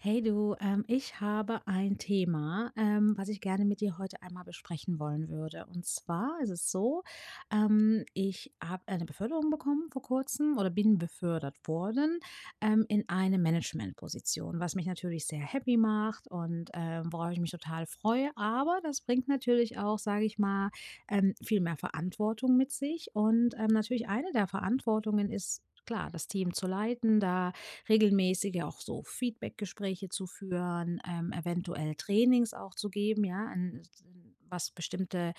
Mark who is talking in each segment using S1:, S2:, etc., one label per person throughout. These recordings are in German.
S1: Hey, du. Ähm, ich habe ein Thema, ähm, was ich gerne mit dir heute einmal besprechen wollen würde. Und zwar ist es so, ähm, ich habe eine Beförderung bekommen vor kurzem oder bin befördert worden, ähm, in eine Managementposition, was mich natürlich sehr happy macht und, ähm, worauf ich mich total freue. Aber das bringt natürlich auch, sage ich mal, ähm, viel mehr Verantwortung mit sich. Und, ähm, natürlich eine der Verantwortungen ist, klar, das Team zu leiten, da regelmäßige auch so Feedback-Gespräche zu führen, ähm, eventuell Trainings auch zu geben, ja, hm, s hm, was bestimmte,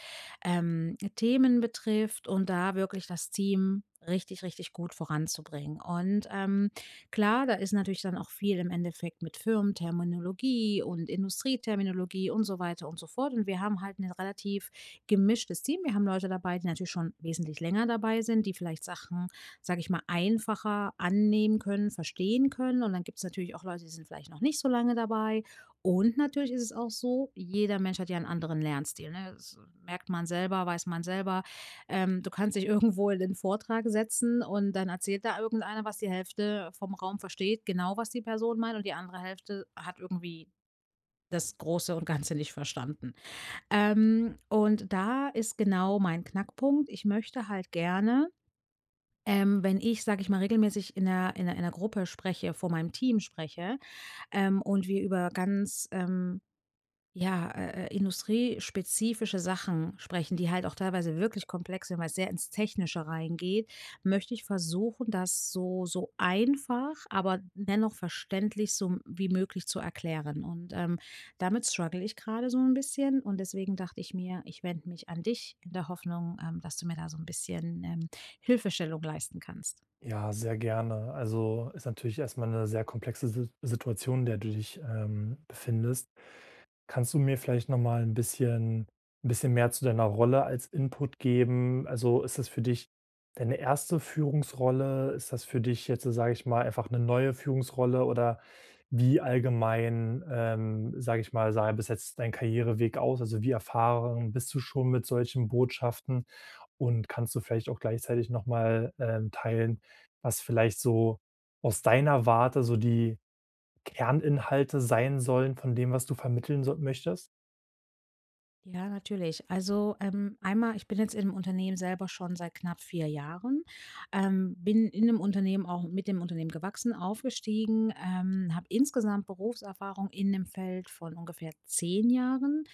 S1: ähm, Themen betrifft und da wirklich das Team richtig, richtig gut voranzubringen. Und, ähm, klar, da ist natürlich dann auch viel im Endeffekt mit Firmenterminologie und Industrieterminologie und so weiter und so fort. Und wir haben halt 'nen relativ gemischtes Team. Wir haben Leute dabei, die natürlich schon wesentlich länger dabei sind, die vielleicht Sachen, sage ich mal, einfacher annehmen können, verstehen können. Und dann gibt's natürlich auch Leute, die sind vielleicht noch nicht so lange dabei. Und natürlich ist es auch so: jeder Mensch hat ja 'n anderen Lernstil, ne? Das merkt man selber, weiß man selber. Ähm, du kannst dich irgendwo in den Vortrag setzen und dann erzählt da irgendeiner, was die Hälfte vom Raum versteht genau, was die Person meint. Und die andere Hälfte hat irgendwie das Große und Ganze nicht verstanden. Ähm, und da ist genau mein Knackpunkt. Ich möchte halt gerne, ähm, wenn ich, sage ich mal, regelmäßig in 'ner in 'ner in 'ner Gruppe spreche, vor meinem Team spreche, ähm, und wir über ganz, ähm, ja, äh, äh, industriespezifische Sachen sprechen, die halt auch teilweise wirklich komplex sind, weil es sehr ins Technische reingeht, möchte ich versuchen, das so so einfach, aber dennoch verständlich, so, wie möglich zu erklären. Und, ähm, damit struggle ich gerade so 'n bisschen. Und deswegen dachte ich mir, ich wende mich an dich, in der Hoffnung, ähm, dass du mir da so 'n bisschen, ähm, Hilfestellung leisten kannst.
S2: Ja, sehr gerne. Also ist natürlich erstmal 'ne sehr komplexe Sit Situation, in der du dich, ähm, befindest. Kannst du mir vielleicht nochmal 'n bisschen 'n bisschen mehr zu deiner Rolle als Input geben? Also ist das für dich deine 1. Führungsrolle? Ist das für dich jetzt, sage ich mal, einfach 'ne neue Führungsrolle oder, wie allgemein, ähm, sage ich mal, sah denn bis jetzt dein Karriereweg aus, also wie erfahren bist du schon mit solchen Botschaften? Und kannst du vielleicht auch gleichzeitig nochmal, ähm, teilen, was vielleicht so aus deiner Warte so die Kerninhalte sein sollen von dem, was du vermitteln, so möchtest?
S1: Ja, natürlich. Also, ähm, einmal, ich bin jetzt im Unternehmen selber schon seit knapp 4 Jahren. Ähm, bin in dem Unternehmen auch mit dem Unternehmen gewachsen, aufgestiegen, ähm, habe insgesamt Berufserfahrung in dem Feld von ungefähr 10 Jahren.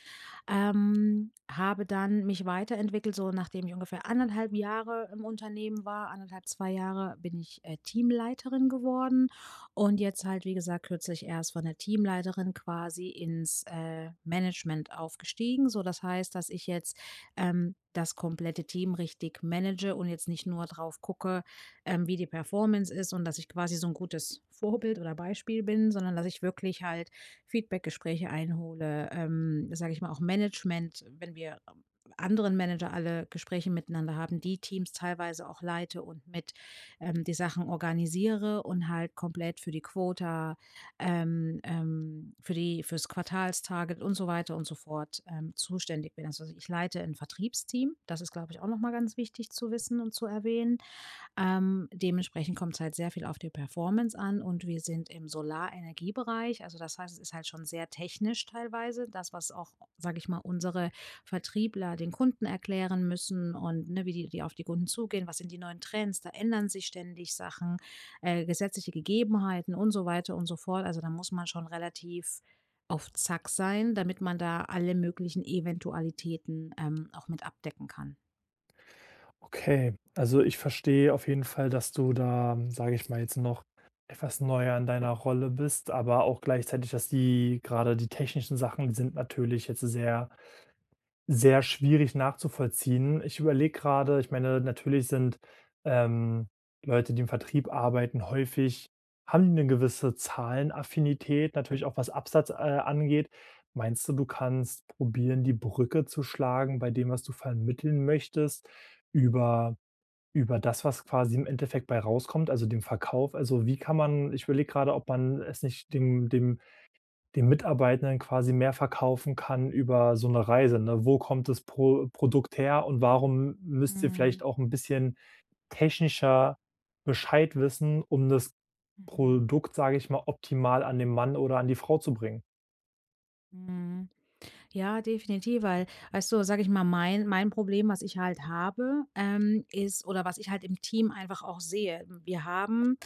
S1: Ähm, habe dann mich weiterentwickelt, so nachdem ich ungefähr 1 1/2 Jahre im Unternehmen war. 1 1/2, 2 Jahre bin ich, äh, Teamleiterin geworden. Und jetzt halt, wie gesagt, kürzlich erst von der Teamleiterin quasi ins, äh, Management aufgestiegen, so das heißt, dass ich jetzt, ähm, das komplette Team richtig manage und jetzt nicht nur drauf gucke, ähm, wie die Performance ist und dass ich quasi so 'n gutes Vorbild oder Beispiel bin, sondern dass ich wirklich halt Feedback Gespräche einhole, ähm, sage ich mal auch Management, wenn wir anderen Manager alle Gespräche miteinander haben, die Teams teilweise auch leite und mit, ähm, die Sachen organisiere und halt komplett für die Quota, ähm, ähm, für die fürs Quartals Target und so weiter und sofort, ähm, zuständig bin. Also, ich leite 'n Vertriebsteam. Das ist, glaube ich, auch noch mal ganz wichtig zu wissen und zu erwähnen. Ähm, dementsprechend kommt's halt sehr viel auf die Performance an. Und wir sind im Solarenergiebereich. Also das heißt, es ist halt schon sehr technisch, teilweise das, was auch, sage ich mal, unsere Vertriebler den Kunden erklären müssen und, ne, wie die die auf die Kunden zugehen. Was sind die neuen Trends? Da ändern sich ständig Sachen, äh, gesetzliche Gegebenheiten und so weiter und so fort. Also, da muss man schon relativ auf Zack sein, damit man da alle möglichen Eventualitäten, ähm, auch mit abdecken kann.
S2: Okay. Also, ich verstehe auf jeden Fall, dass du da, sage ich mal jetzt noch, etwas neuer in deiner Rolle bist, aber auch gleichzeitig, dass die grade die technischen Sachen die sind natürlich jetzt sehr, sehr schwierig nachzuvollziehen. Ich überlege gerade, ich meine, natürlich sind, ähm, Leute, die im Vertrieb arbeiten häufig haben die 'ne gewisse Zahlenaffinität, natürlich auch was Absatz, äh, angeht. Meinst du, du kannst probieren, die Brücke zu schlagen, bei dem, was du vermitteln möchtest über über das, was quasi im Endeffekt bei rauskommt, also dem Verkauf. Also, wie kann man ich überlege gerade, ob man es nicht dem dem den Mitarbeitern quasi mehr verkaufen kann über so 'ne Reise, ne? Wo kommt das Pro Produkt her und warum müsst ihr
S1: Mhm.
S2: vielleicht auch 'n bisschen technischer Bescheid wissen, um das
S1: Mhm.
S2: Produkt, sage ich mal, optimal an den Mann oder an die Frau zu bringen?
S1: Mhm. Ja, definitiv, weil weißt du, sage ich mal mein mein Problem, was ich halt habe, ähm, ist oder was ich halt im Team einfach auch sehe. Wir haben,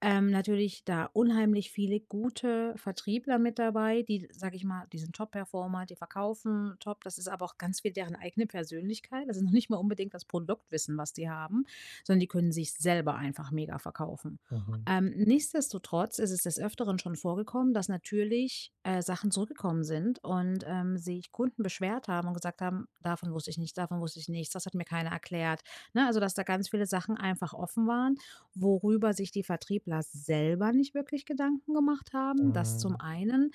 S1: ähm, natürlich da unheimlich viele gute Vertriebler mit dabei, die- sage ich mal- die sind Top-performer, die verkaufen Top. Das ist aber auch ganz viel deren eigene Persönlichkeit. Das ist noch nicht mal unbedingt das Produktwissen, was die haben. Sondern die können sich es selber einfach mega verkaufen.
S2: Mhm.
S1: Ähm, nichtsdestotrotz ist es des Öfteren schon vorgekommen, dass natürlich, äh, Sachen zurückgekommen sind und, ähm, sich Kunden beschwert haben und gesagt haben: „Davon wusste ich nichts. Davon wusste ich nichts. Das hat mir keiner erklärt.“ Ne, also, dass da ganz viele Sachen einfach offen waren, worüber sich die Vertriebler selber nicht wirklich Gedanken gemacht haben, dass zum
S2: Mhm.
S1: einen.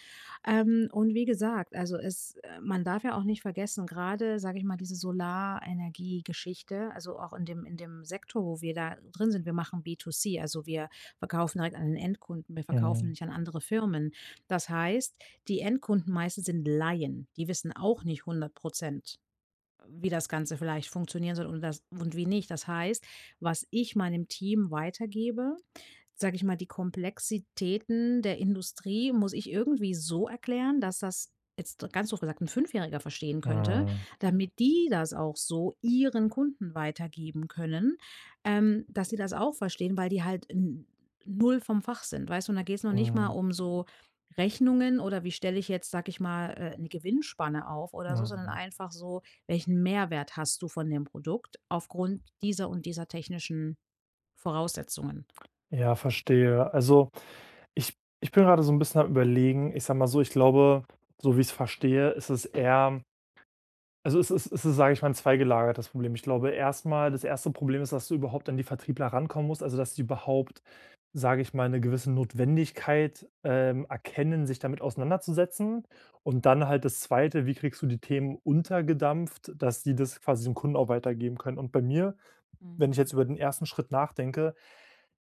S1: Ähm, und wie gesagt, also es, äh man darf ja auch nicht vergessen. Gerade sage ich mal diese Solarenergiegeschichte. Also auch in dem, in dem Sekto, wo wir da drin sind. Wir machen B2C. Also, wir verkaufen halt an den Endkunden. Wir verkaufen
S2: Mhm.
S1: nicht an andere Firmen. Das heißt, die Endkunden meistens sind Laien. Die wissen auch nicht 100 %, wie das Ganze vielleicht funktionieren soll und das und wie nicht. Das heißt, was ich meinem Team weitergebe, sage ich mal, die Komplexitäten der Industrie muss ich irgendwie so erklären, dass das, jetzt ganz doof gesagt 'n Fünfjähriger verstehen könnte,
S2: Mhm.
S1: damit die das auch so ihren Kunden weitergeben können, ähm, dass sie das auch verstehen, weil die halt in 0 vom Fach sind weißt du, und da geht's noch nicht mal
S2: Mhm.
S1: um so Rechnungen, oder wie stelle ich jetzt, sage ich mal, äh, 'ne Gewinnspanne auf oder so, sondern
S2: Mhm.
S1: einfach so: „Welchen Mehrwert hast du von dem Produkt aufgrund dieser und dieser technischen Voraussetzungen?“
S2: Ja, verstehe. Also, ich ich bin gerade so 'n bisschen am Überlegen. Ich sage mal so, ich glaube, so wie ich es verstehe, ist es eher also es ist es ist, sage ich mal, 'n zweigelagertes Problem. Ich glaube erstmal, das 1. Problem ist, dass du überhaupt an die Vertriebler rankommen musst, also dass sie überhaupt, sage ich mal, 'ne gewisse Notwendigkeit, ähm, erkennen, sich damit auseinanderzusetzen. Und dann halt das 2., wie kriegst du die Themen untergedampft, dass die das quasi den Kunden auch weitergeben können. Und bei mir, wenn ich jetzt
S1: Mhm.
S2: über den 1. Schritt nachdenke,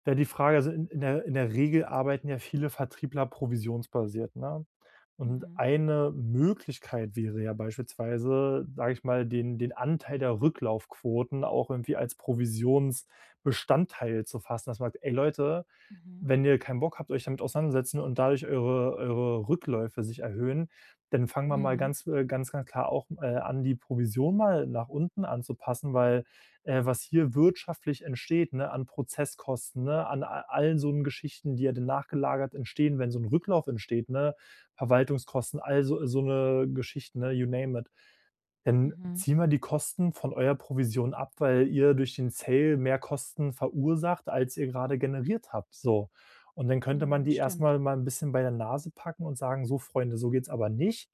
S2: wäre die Frage also in in der in der Regel arbeiten ja viele Vertriebler provisionsbasiert, ne? Und
S1: Mhm.
S2: eine Möglichkeit wäre ja beispielsweise, sage ich mal, den den Anteil der Rücklaufquoten auch irgendwie als Provisionsbestandteil zu fassen. Das man sagt: „Ey, Leute,
S1: Mhm.
S2: wenn ihr keinen Bock habt, euch damit auseinandersetzen und dadurch eure eure Rückläufe sich erhöhen, dann fangen wir mal
S1: Mhm.
S2: ganz äh, ganz, ganz klar auch, äh, an die Provision mal nach unten anzupassen.“ Weil, äh, was hier wirtschaftlich entsteht, ne, an Prozesskosten, ne? An a allen so 'n Geschichten, die ja dann nachgelagert entstehen, wenn so 'n Rücklauf entsteht, ne? Verwaltungskosten, all so so 'ne Geschichten, ne, you name it. Dann
S1: Mhm.
S2: ziehen wir die Kosten von eurer Provision ab, weil ihr durch den Sale mehr Kosten verursacht, als ihr gerade generiert habt, so. Und dann könnte man
S1: Mhm,
S2: die
S1: stimmt.
S2: erstmal mal 'n bisschen bei der Nase packen und sagen: „So Freunde, so geht's aber nicht.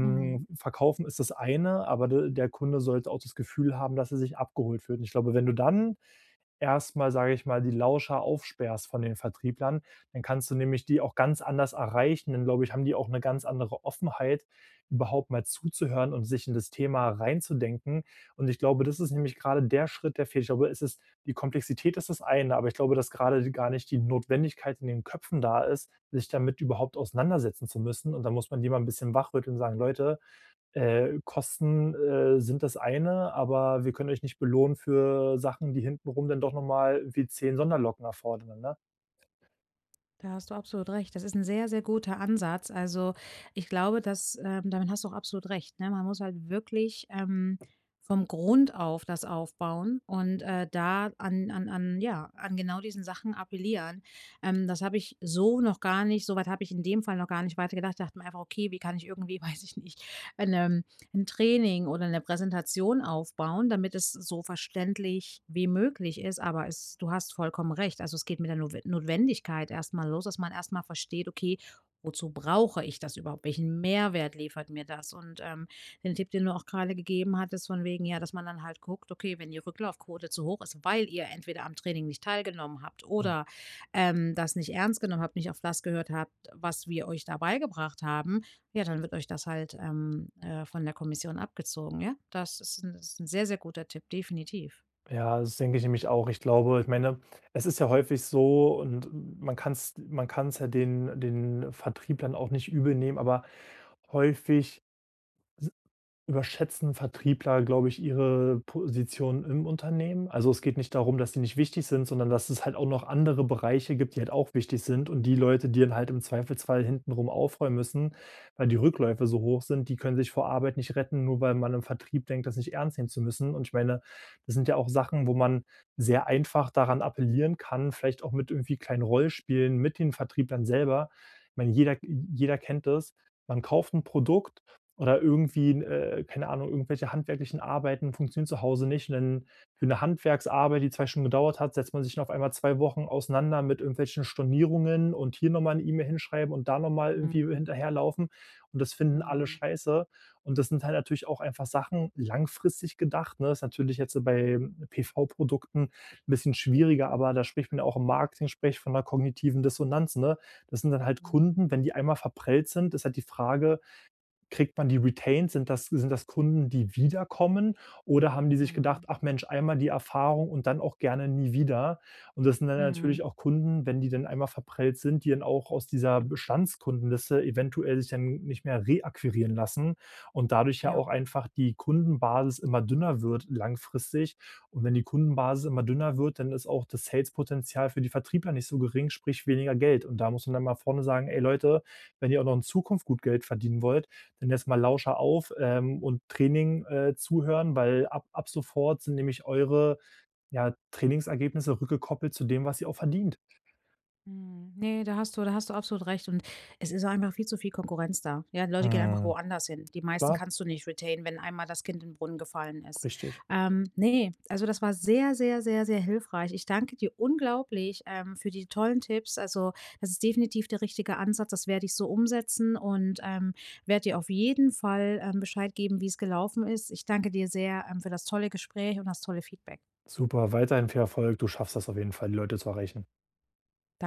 S1: Mhm.
S2: Verkaufen ist das eine, aber de der Kunde sollte auch das Gefühl haben, dass er sich abgeholt fühlt.“ Und ich glaube, wenn du dann erstmal, sage ich mal, die Lauscher aufsperrst von den Vertrieblern, dann kannst du nämlich die auch ganz anders erreichen, dann glaube ich, haben die auch 'ne ganz andere Offenheit, überhaupt mal zuzuhören und sich in das Thema reinzudenken. Und ich glaube, das ist nämlich gerade der Schritt, der fehlt. Ich glaube, es ist die Komplexität ist das eine, aber ich glaube, dass gerade gar die nicht die Notwendigkeit in den Köpfen da ist, sich damit überhaupt auseinandersetzen zu müssen und da muss man die mal 'n bisschen wach rütteln und sagen: „Leute, äh, Kosten, äh, sind das eine, aber wir können euch nicht belohnen für Sachen, die hinten rum dann doch nochmal wie 10 Sonderlocken erfordern, ne?“
S1: Da hast du absolut recht. Das ist 'n sehr, sehr guter Ansatz. Also, ich glaube, dass, ähm damit hast du absolut recht, ne? Man muss halt wirklich, ähm, vom Grund auf das aufbauen und, äh, da an an an, ja an genau diesen Sachen appellieren, ähm, das habe ich so noch gar nicht soweit habe ich in dem Fall noch gar nicht weitergedacht. Ich dachte mir einfach: „Okay, wie kann ich irgendwie, weiß ich nicht, ein, ähm, 'n Training oder 'ne Präsentation aufbauen, damit es so verständlich wie möglich ist.“ Aber es du hast vollkommen recht. Also, es geht mit der Notwen Notwendigkeit erstmal los, dass man erstmal versteht: „Okay, wozu brauche ich das überhaupt? Welchen Mehrwert liefert mir das?“ Und, ähm, den Tipp, den du auch gerade gegeben hattest, von wegen, ja, dass man dann halt guckt: „Okay, wenn die Rücklaufquote zu hoch ist, weil ihr entweder am Training nicht teilgenommen habt,
S2: Hm.
S1: oder, ähm, das nicht ernst genommen habt, nicht auf das gehört habt, was wir euch da beigebracht haben. Ja, dann wird euch das halt, ähm, äh, von der Kommission abgezogen. Ja, das ist 'n s ist 'n sehr guter Tipp, definitiv.
S2: Ja, das denke ich nämlich auch. Ich glaube ich meine, es ist ja häufig so und man kann es man kann es ja den den Vertrieb dann auch nicht übelnehmen, aber häufig s überschätzen Vertriebler, glaube ich, ihre Position im Unternehmen. Also, es geht nicht darum, dass sie nicht wichtig sind, sondern dass es halt auch noch andere Bereiche gibt, die halt auch wichtig sind und die Leute, die dann halt im Zweifelsfall hintenrum aufräumen müssen, weil die Rückläufe so hoch sind, die können sich vor Arbeit nicht retten, nur weil man im Vertrieb denkt, das nicht ernst nehmen zu müssen. Und ich meine, das sind ja auch Sachen, wo man sehr einfach daran appellieren kann, vielleicht auch mit irgendwie kleinen Rollenspielen mit den Vertrieblern selber. Ich meine, jeder j jeder kennt das. Man kauft 'n Produkt oder irgendwie 'n, äh, keine Ahnung, irgendwelche handwerklichen Arbeiten funktionieren zu Hause nicht, und dann für 'ne Handwerksarbeit, die 2 Stunden gedauert hat, setzt man sich auf einmal 2 Wochen auseinander mit irgendwelchen Stornierungen und hier nochmal 'ne E-Mail hinschreiben und da nochmal irgendwie
S1: Mhm.
S2: hinterherlaufen und das finden alle
S1: Mhm.
S2: scheiße. Und das sind halt natürlich auch einfach Sachen, langfristig gedacht, ne, ist natürlich jetzt bei PV-Produkten 'n bisschen schwieriger, aber da spricht man ja auch im Marketing sprich von 'ner kognitiven Dissonanz, ne? Das sind dann halt
S1: Mhm.
S2: Kunden, wenn die einmal verprellt sind, ist halt die Frage, kriegt man die Retains? Sind das sind das Kunden, die wieder kommen? Oder haben die sich gedacht:
S1: Mhm.
S2: „Ach Mensch, einmal die Erfahrung und dann auch gerne nie wieder.“ Und das sind dann natürlich
S1: Mhm.
S2: auch Kunden, wenn die dann einmal verprellt sind, die dann auch aus dieser Bestandskundenliste eventuell sich dann nicht mehr reakquirieren lassen und dadurch ja
S1: Ja.
S2: auch einfach die Kundenbasis immer dünner wird langfristig. Und wenn die Kundenbasis immer dünner wird, dann ist auch das Sales-Potenzial für die Vertriebler nicht so gering, sprich weniger Geld. Und da muss man dann mal vorne sagen: „Hey Leute, wenn ihr auch noch in Zukunft gut Geld verdienen wollt, dann erst mal Lauscher auf, ähm, und Training, äh, zuhören, weil ab ab sofort sind nämlich eure, ja, Trainingsergebnisse rückgekoppelt zu dem, was ihr auch verdient.“
S1: Mhm, ne, da hast du da hast du absolut recht. Und es ist auch einfach viel zu viel Konkurrenz da. Ja, Leute gehen einfach
S2: Mhm,
S1: woanders hin. Die meisten
S2: klar.
S1: kannst du nicht retainen, wenn einmal das Kind in den Brunnen gefallen ist.
S2: Richtig.
S1: Ähm, ne, also, das war sehr, sehr, sehr, sehr hilfreich. Ich danke dir unglaublich, ähm, für die tollen Tipps. Also, das ist definitiv der richtige Ansatz. Das werde ich so umsetzen und, ähm, werde dir auf jeden Fall, ähm, Bescheid geben, wie es gelaufen ist. Ich danke dir sehr, ähm, für das tolle Gespräch und das tolle Feedback.
S2: Super, weiterhin viel Erfolg. Du schaffst das auf jeden Fall, die Leute zu erreichen.
S1: Dan